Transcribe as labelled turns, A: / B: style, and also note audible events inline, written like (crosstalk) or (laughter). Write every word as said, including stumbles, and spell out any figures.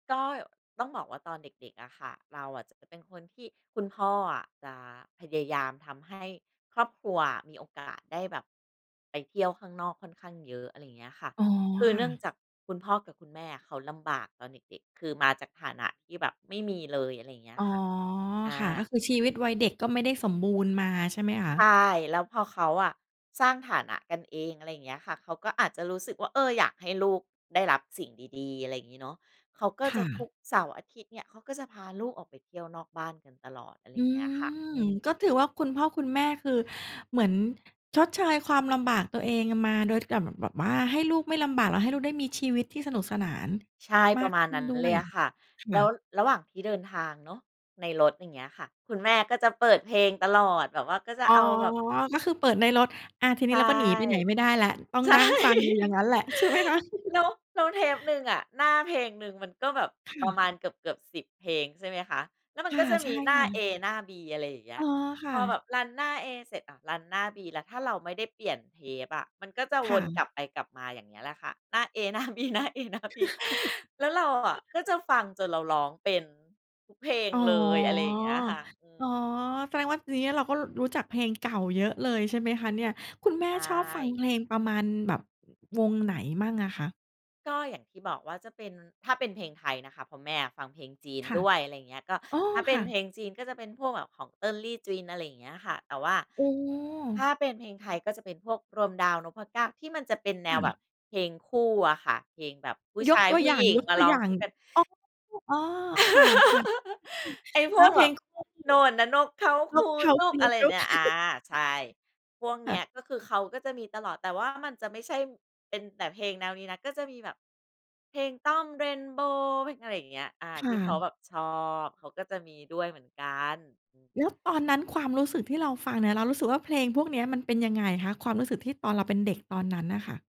A: ก็ต้องบอกว่าตอนเด็ก ๆ อะค่ะ เราอะจะเป็นคนที่คุณพ่ออะ จะพยายามทำให้ครอบครัวอะ มีโอกาสได้แบบไปเที่ยวข้างนอกค่อนข้างเยอะ อะไรอย่างเงี้ยค่ะ
B: อ๋อ
A: คือ
B: ค
A: เ
B: ่
A: นื
B: ะ
A: ่องจากคุณพ่อกับคุณแม่อะ เขาลำบากตอนเด็ก ๆ คือมาจากฐานะที่แบบไม่มีเลย อะไรอย่างเงี้
B: อ
A: ย
B: ๋อ
A: ค่ะ อ
B: ค่ะ ก็
A: า
B: คือชีวิตวัยเด็ก ก็ไม่ได้สมบูรณ์มา ใช่ไหมคะ?
A: ใช่ แล้วพอเขาอะสร้างฐานะกันเอง อะไรอย่างเงี้ยค่ะ เขาก็อาจจะรู้สึกว่า เออ อยากให้ลูกได้รับสิ่งดี ๆ อะไรอย่างงี้เนาะ เขาก็
B: ค
A: จ
B: ่
A: ะ ท
B: ะ
A: ุกเสาร์อาทิตย์เนี่ย เขาก็จะพาลูกออกไปเที่ยวนอกบ้านกันตลอด อะไร
B: อ
A: อ
B: ื
A: ย่างเงี้ยค่ะ
B: ม
A: อืม
B: ก็ถือว่าคุณพ่อคุณแม่ คือเหมือน ชดเชยความลำบากตัวเองมา โดย กลับเหมือนแบบว่า ให้ลูกไม่ลำบาก แล้วให้ลูกได้มีชีวิตที่สนุกสนาน
A: ใช่
B: ม
A: ป
B: า
A: ระ
B: ก
A: มา
B: ข
A: ณ
B: ึ้
A: นั
B: น
A: ้น
B: ด้
A: เ
B: ว
A: ล
B: ย
A: ยอะค่ะ
B: ค
A: แล
B: ่
A: ้ว
B: ะ
A: ระหว่างที่เดินทางเนาะ ในรถอย่างเงี้ยค่ะ คุณแม่ก็จะเปิดเพลงตลอด แบบว่าก็จะ
B: อ๋อ
A: เอาแบบ
B: ก็คือเปิดในรถ อา ที
A: ใ
B: น
A: ช
B: ี้
A: ่
B: เราก็หนีไปไหนไม่ได้แล้ว ต้อง
A: ใช่
B: นั่งฟังอยู่อย่างงั้นแหละ ใช่ไหมคะ?
A: แล้ว แล้วเทปหนึ่งอะ หน้าเพลงหนึ่งมันก็แบบ
B: ค่
A: ประ
B: ะ
A: มาณเกือบ ๆ สิบ เพลงใช่ไหมคะ? แล้วมั
B: ค
A: น
B: ่
A: ก
B: ะ
A: ็จะ
B: ใช
A: ม
B: ่
A: ีหน้
B: ค
A: า
B: ่
A: เอ
B: ะ
A: หน้า บี อะไรอย่างเงี้
B: อ๋อ
A: ย
B: ค
A: พ
B: ่
A: อแ
B: ะ
A: บบ รัน หน้า เอ เสร็จอะ รัน หน้า บี แล้ว ถ้าเราไม่ได้เปลี่ยนเทปอะ มันก็จะ
B: ค
A: ว
B: ่
A: นก
B: ะ
A: ลับไปกลับมา อย่างเงี้ยแหละค่ะ หน้า เอ หน้า บี หน้า เอ หน้า บี แล้วเราอะ ก็จะฟังจน
B: (laughs)
A: เราร้องเป็นทุกเพลง
B: อ๋อ
A: เลย อะไรอย่างเงี้ยค่ะ อื
B: อ๋อ
A: ม
B: แสดงว่า ทีนี้เราก็รู้จักเพลงเก่าเยอะเลย ใช่ไหมคะเนี่ย? คุณแม่
A: ใช
B: ชอบฟัง
A: ่
B: เพลงประมาณแบบวงไหนมั้งอะคะ?
A: ก็อย่างที่บอกว่าจะเป็น ถ้าเป็นเพลงไทยนะคะ เพราะแม่อะฟังเพลงจีน
B: ค่ะ
A: ด้วย อะไรอย่างเงี้ย ก็
B: อ๋อ
A: ถ้าเป
B: ค
A: ็น
B: ่
A: เพ
B: ะ
A: ลงจีน ก็จะเป็นพวกแบบของเติ้งลี่จวิน อะไรอย่างเงี้ยค่ะ แต่ว่า
B: โอ้
A: ถ้าเป็นเพลงไทย ก็จะเป็นพวกรวมดาว นพเก้า ที่มันจะเป็นแน
B: ค่
A: วแบ
B: ะ
A: บเพลงคู่อะค่ะ เพลงแบบผู้
B: ย
A: ช
B: ก
A: าย
B: ตัว
A: ผู
B: อ
A: ้
B: ย่
A: หญิงมาร้อง
B: า
A: ค
B: ง
A: ู่กัน
B: ๆ อ๋อ ๆ ค่ะ
A: (laughs)
B: ๆ
A: ไอ้
B: (unintelligible)
A: พ
B: ถ้
A: ว
B: า
A: ก
B: เพ
A: แบ
B: ล
A: บ
B: ง
A: "โน่
B: (unintelligible)
A: นน่ะนกเขา
B: น
A: คู
B: กเขา
A: จุ๊
B: ค
A: ก"
B: ู
A: อะไร
B: จุ๊
A: เน
B: ก
A: ี่ย อา
B: (chuckles)
A: ใช่ พวก
B: ค
A: เน
B: ่
A: ี้ย
B: ะ
A: ก็คือเขาก็จะมีตลอด แต่ว่ามันจะไม่ใช่เป็นแต่เพลงแนวนี้นะ ก็จะมีแบบ เพลงต้อม เรนโบว์ เพลงอะไรอย่างเงี้ย อา
B: ค
A: ท
B: ่
A: ี่เขา
B: ะ
A: แบบชอบ เขาก็จะมีด้วยเหมือนกัน อือ
B: แล้วตอนนั้นความรู้สึกที่เราฟังเนี่ย เรารู้สึกว่าเพลงพวกเนี้ย มันเป็นยังไงคะ? ความรู้สึกที่ตอนเราเป็นเด็กตอนนั้นน่ะค่ะ